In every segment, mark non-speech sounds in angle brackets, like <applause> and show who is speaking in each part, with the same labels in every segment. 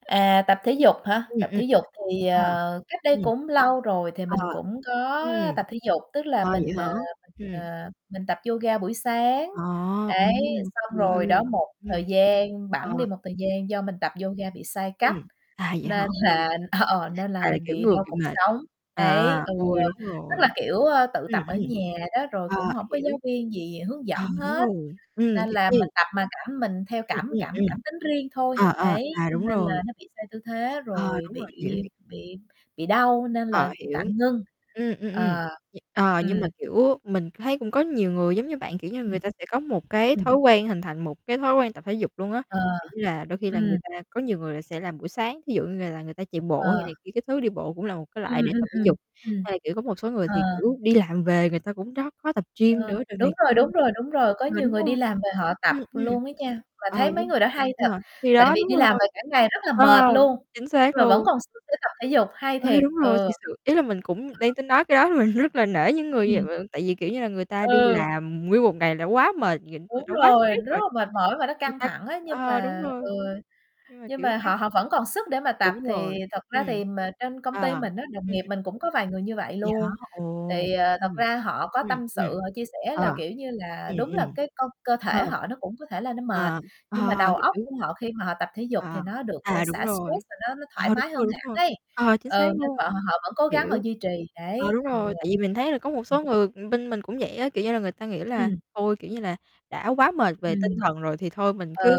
Speaker 1: À, tập thể dục hả?
Speaker 2: Ừm,
Speaker 1: Tập
Speaker 2: ừm.
Speaker 1: thể dục thì,
Speaker 2: Ờ.
Speaker 1: ờ, cách đây
Speaker 2: Ừm.
Speaker 1: cũng lâu rồi thì
Speaker 2: Ờ.
Speaker 1: mình cũng có
Speaker 2: Ừm.
Speaker 1: tập thể dục, tức là
Speaker 2: À, vậy
Speaker 1: mình,
Speaker 2: hả?
Speaker 1: ờ, mình,
Speaker 2: Ừm.
Speaker 1: ờ, mình tập yoga buổi sáng.
Speaker 2: À,
Speaker 1: Đấy,
Speaker 2: ừm,
Speaker 1: xong
Speaker 2: ghê.
Speaker 1: rồi đó, một
Speaker 2: Ừm.
Speaker 1: thời gian,
Speaker 2: Ờ.
Speaker 1: bẵng đi
Speaker 2: <unintelligible>
Speaker 1: một thời gian do mình tập yoga bị sai
Speaker 2: Ừm.
Speaker 1: cách
Speaker 2: À, vậy hả?
Speaker 1: nên
Speaker 2: Ôi!
Speaker 1: là ờ, nên là
Speaker 2: À, là,
Speaker 1: mình
Speaker 2: kiểu,
Speaker 1: bị
Speaker 2: ngược
Speaker 1: đau
Speaker 2: bị
Speaker 1: cột
Speaker 2: mệt.
Speaker 1: sống.
Speaker 2: À,
Speaker 1: Đấy, ừ,
Speaker 2: ôi, đúng
Speaker 1: tức là
Speaker 2: rồi.
Speaker 1: kiểu, ơ, tự
Speaker 2: Ừm,
Speaker 1: tập ở
Speaker 2: ừm.
Speaker 1: nhà đó, rồi cũng
Speaker 2: Ờ,
Speaker 1: hổng có
Speaker 2: hiểu.
Speaker 1: giáo viên gì hướng
Speaker 2: Ờ,
Speaker 1: dẫn
Speaker 2: đúng
Speaker 1: hết.
Speaker 2: rồi. Ừm,
Speaker 1: Nên
Speaker 2: thế
Speaker 1: là
Speaker 2: thì
Speaker 1: mình tập mà cảm mình theo
Speaker 2: Ừm,
Speaker 1: cảm
Speaker 2: ừm,
Speaker 1: cảm
Speaker 2: ừm.
Speaker 1: cảm tính riêng thôi.
Speaker 2: À, à,
Speaker 1: Đấy,
Speaker 2: à,
Speaker 1: cho
Speaker 2: đúng
Speaker 1: nên là
Speaker 2: rồi.
Speaker 1: nó bị sai tư thế,
Speaker 2: Ờ,
Speaker 1: rồi
Speaker 2: đúng
Speaker 1: bị
Speaker 2: rồi, hiểu, hiểu.
Speaker 1: bị bị đau nên
Speaker 2: Ờ,
Speaker 1: là
Speaker 2: hiểu.
Speaker 1: tạm ngưng.
Speaker 2: Ừm, ừm, ừm.
Speaker 1: Ờ.
Speaker 2: D ờ, nhưng mà,
Speaker 1: Ừm.
Speaker 2: kiểu, mình thấy cũng có nhiều người giống như bạn, kiểu như, người
Speaker 1: Ừm.
Speaker 2: ta sẽ có một cái
Speaker 1: Ừm.
Speaker 2: thói quen hình thành một cái thói quen tập thể dục luôn á.
Speaker 1: Ờ.
Speaker 2: Kiểu như là, đôi khi là người
Speaker 1: Ừm.
Speaker 2: ta có nhiều người là sẽ làm buổi sáng, thí dụ như là là người ta chạy bộ hay
Speaker 1: Ờ.
Speaker 2: này kia các thứ, đi bộ cũng là một cái loại
Speaker 1: Ừm,
Speaker 2: để
Speaker 1: ừm,
Speaker 2: tập thể
Speaker 1: ừm.
Speaker 2: dục,
Speaker 1: Ừm.
Speaker 2: hay là, kiểu, có một số người
Speaker 1: Ờ.
Speaker 2: thì, kiểu, đi làm về người ta cũng rót khó tập gym
Speaker 1: Ờ.
Speaker 2: nữa rồi này
Speaker 1: Đúng rồi,
Speaker 2: kia
Speaker 1: đúng rồi, đúng rồi, có
Speaker 2: ờ,
Speaker 1: nhiều
Speaker 2: đúng
Speaker 1: người
Speaker 2: rồi.
Speaker 1: đi làm về họ tập
Speaker 2: Ừm, ừm.
Speaker 1: luôn á nha, mà
Speaker 2: Ờ,
Speaker 1: thấy mấy
Speaker 2: đúng.
Speaker 1: người đó hay thật,
Speaker 2: <unintelligible> Thì
Speaker 1: tại
Speaker 2: đó,
Speaker 1: vì
Speaker 2: đúng
Speaker 1: đi làm
Speaker 2: rồi.
Speaker 1: về cả ngày rất là
Speaker 2: Ờ.
Speaker 1: mệt luôn,
Speaker 2: Chính xác
Speaker 1: nhưng mà vẫn
Speaker 2: luôn.
Speaker 1: còn sức tập thể dục, hay
Speaker 2: Ê,
Speaker 1: thiệt.
Speaker 2: đúng rồi,
Speaker 1: Ừ.
Speaker 2: thiệt sự, ý là mình cũng đang tính nói cái đó mình rất là nể những người
Speaker 1: Ừm.
Speaker 2: <unintelligible> tại vì, kiểu như là, người ta đi
Speaker 1: Ừ.
Speaker 2: làm nguyên một ngày đã quá mệt, người ta
Speaker 1: Đúng
Speaker 2: đã quá
Speaker 1: rồi, nó
Speaker 2: stress
Speaker 1: rất
Speaker 2: rồi,
Speaker 1: là mệt mỏi mà nó
Speaker 2: người
Speaker 1: căng
Speaker 2: ta
Speaker 1: thẳng á, nhưng
Speaker 2: ờ, đúng
Speaker 1: mà ừ,
Speaker 2: rồi. Nhưng mà,
Speaker 1: nhưng
Speaker 2: kiểu
Speaker 1: mà họ
Speaker 2: <unintelligible>
Speaker 1: họ vẫn còn sức để mà tập
Speaker 2: Đúng
Speaker 1: thì
Speaker 2: rồi.
Speaker 1: thật
Speaker 2: Ừm.
Speaker 1: ra thì mệt trên công ty
Speaker 2: Ờ.
Speaker 1: mình á, đồng
Speaker 2: Ừm.
Speaker 1: nghiệp mình cũng có vài người như vậy
Speaker 2: Vậy hả?
Speaker 1: luôn.
Speaker 2: Ồ!
Speaker 1: Thì, ờ, thật
Speaker 2: Ừm.
Speaker 1: ra họ có
Speaker 2: Ừm.
Speaker 1: tâm
Speaker 2: Ừm.
Speaker 1: sự, họ chia sẻ là,
Speaker 2: Ờ.
Speaker 1: kiểu như là,
Speaker 2: Ừm,
Speaker 1: đúng là
Speaker 2: ừm.
Speaker 1: cái co cơ
Speaker 2: Ờ.
Speaker 1: thể họ nó cũng có thể là nó mệt,
Speaker 2: Ờ.
Speaker 1: nhưng mà
Speaker 2: Ờ,
Speaker 1: đầu óc
Speaker 2: hiểu.
Speaker 1: của họ khi mà họ tập thể dục thì
Speaker 2: À.
Speaker 1: nó được, ơ,
Speaker 2: À, đúng
Speaker 1: xả stress
Speaker 2: rồi.
Speaker 1: và nó nó thoải
Speaker 2: Ờ, đúng
Speaker 1: mái
Speaker 2: rồi,
Speaker 1: hơn
Speaker 2: đúng
Speaker 1: hẳn
Speaker 2: rồi.
Speaker 1: ấy.
Speaker 2: Ờ, chính xác
Speaker 1: Ừ, nên
Speaker 2: luôn.
Speaker 1: họ họ vẫn cố gắng họ
Speaker 2: Hiểu.
Speaker 1: duy trì,
Speaker 2: À,
Speaker 1: đấy.
Speaker 2: đúng
Speaker 1: Ừ.
Speaker 2: rồi, tại vì mình thấy là có một số người, ừm, bên mình cũng vậy á, kiểu như là, người ta nghĩ là
Speaker 1: Ừm.
Speaker 2: thôi, kiểu như là, đã quá mệt về tinh
Speaker 1: Ừm.
Speaker 2: thần rồi thì thôi mình cứ
Speaker 1: Ừ.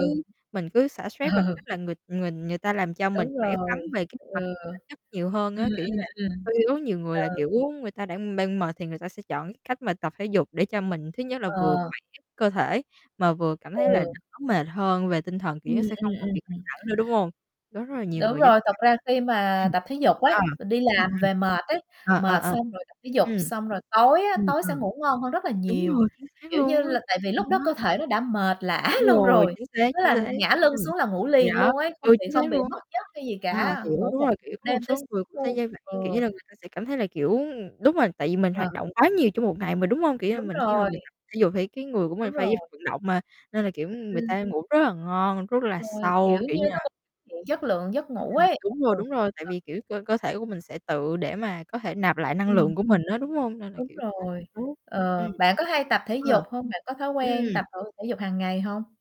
Speaker 2: mình cứ xả stress bằng
Speaker 1: Ừ.
Speaker 2: cách là người người người ta làm cho mình
Speaker 1: Đúng
Speaker 2: khỏe khoắn
Speaker 1: rồi.
Speaker 2: về cái mặt
Speaker 1: Ừ.
Speaker 2: thể chất nhiều hơn
Speaker 1: Ừm,
Speaker 2: á. Kiểu như
Speaker 1: ừm,
Speaker 2: là,
Speaker 1: ừm.
Speaker 2: <unintelligible> nhiều người là,
Speaker 1: Ừ.
Speaker 2: kiểu, người ta đã, ưm, đang mệt thì người ta sẽ chọn cách mà tập thể dục để cho mình thứ nhất là vừa
Speaker 1: Ờ.
Speaker 2: khỏe cơ thể mà vừa cảm thấy là
Speaker 1: Ừ.
Speaker 2: đỡ mệt hơn về tinh thần, kiểu,
Speaker 1: Ừm,
Speaker 2: nó sẽ
Speaker 1: ừm,
Speaker 2: không còn bị cản
Speaker 1: ừm, <unintelligible>
Speaker 2: trở nữa, đúng hông? Đó, rất là nhiều
Speaker 1: Đúng
Speaker 2: người dính
Speaker 1: rồi, tật ra khi mà
Speaker 2: <unintelligible>
Speaker 1: tập thể dục ấy,
Speaker 2: Ừm. Ờ.
Speaker 1: đi
Speaker 2: Ừm, ừm.
Speaker 1: làm về mệt ấy,
Speaker 2: Ờ, ờ,
Speaker 1: mệt
Speaker 2: ờ.
Speaker 1: xong rồi tập thể dục,
Speaker 2: Ừm.
Speaker 1: xong rồi tối á,
Speaker 2: Ừm,
Speaker 1: tối sẽ
Speaker 2: ừm.
Speaker 1: ngủ ngon hơn rất là
Speaker 2: Đúng
Speaker 1: nhiều,
Speaker 2: rồi, chính xác
Speaker 1: kiểu như
Speaker 2: luôn á.
Speaker 1: là, tại vì
Speaker 2: Ừm,
Speaker 1: lúc đó
Speaker 2: nó
Speaker 1: cơ thể nó đã mệt lả
Speaker 2: Đúng
Speaker 1: luôn
Speaker 2: rồi,
Speaker 1: rồi,
Speaker 2: chính xác,
Speaker 1: tức
Speaker 2: chính
Speaker 1: là
Speaker 2: xác.
Speaker 1: ngả lưng
Speaker 2: Ừm.
Speaker 1: xuống là ngủ
Speaker 2: Thì
Speaker 1: liền
Speaker 2: đó.
Speaker 1: luôn ấy, không
Speaker 2: Ừ,
Speaker 1: bị
Speaker 2: chính
Speaker 1: không
Speaker 2: xác
Speaker 1: bị
Speaker 2: luôn
Speaker 1: mất
Speaker 2: á
Speaker 1: giấc hay gì
Speaker 2: b ờ,
Speaker 1: cả,
Speaker 2: hiểu,
Speaker 1: ngủ
Speaker 2: đúng
Speaker 1: một
Speaker 2: rồi, kiểu, có một
Speaker 1: đêm tới
Speaker 2: số
Speaker 1: s
Speaker 2: người cũng sẽ
Speaker 1: luôn.
Speaker 2: dê vậy,
Speaker 1: Ừ.
Speaker 2: kiểu như là, người ta sẽ cảm thấy là, kiểu, ừm đúng rồi, tại vì mình
Speaker 1: Ờ.
Speaker 2: hoạt động quá nhiều trong một ngày mà, đúng hông? Kiểu như là
Speaker 1: Đúng
Speaker 2: mình khi mà
Speaker 1: rồi!
Speaker 2: mình tập thể dục thì cái người của
Speaker 1: Đúng
Speaker 2: mình phải
Speaker 1: rồi.
Speaker 2: vận động mà, nên là, kiểu, người
Speaker 1: Ừm.
Speaker 2: ta ngủ rất là ngon, rất là
Speaker 1: Đúng rồi. Kiểu
Speaker 2: sâu, kiểu
Speaker 1: như,
Speaker 2: như là
Speaker 1: nó cũng hiện chất lượng giấc
Speaker 2: Ưm,
Speaker 1: ngủ
Speaker 2: ừm.
Speaker 1: ấy
Speaker 2: Đúng rồi, đúng
Speaker 1: <unintelligible>
Speaker 2: rồi, tại
Speaker 1: Ờ.
Speaker 2: vì, kiểu, cơ cơ thể của mình sẽ tự để mà có thể nạp lại năng
Speaker 1: Ừm.
Speaker 2: lượng của mình á, đúng hông? Nên là
Speaker 1: Đúng
Speaker 2: kiểu
Speaker 1: rồi.
Speaker 2: <unintelligible> Ừm.
Speaker 1: Ờ, bạn có hay tập thể
Speaker 2: Ờ.
Speaker 1: dục hông? Bạn có thói quen tập,
Speaker 2: Ừm.
Speaker 1: ơ, thể dục hàng ngày hông?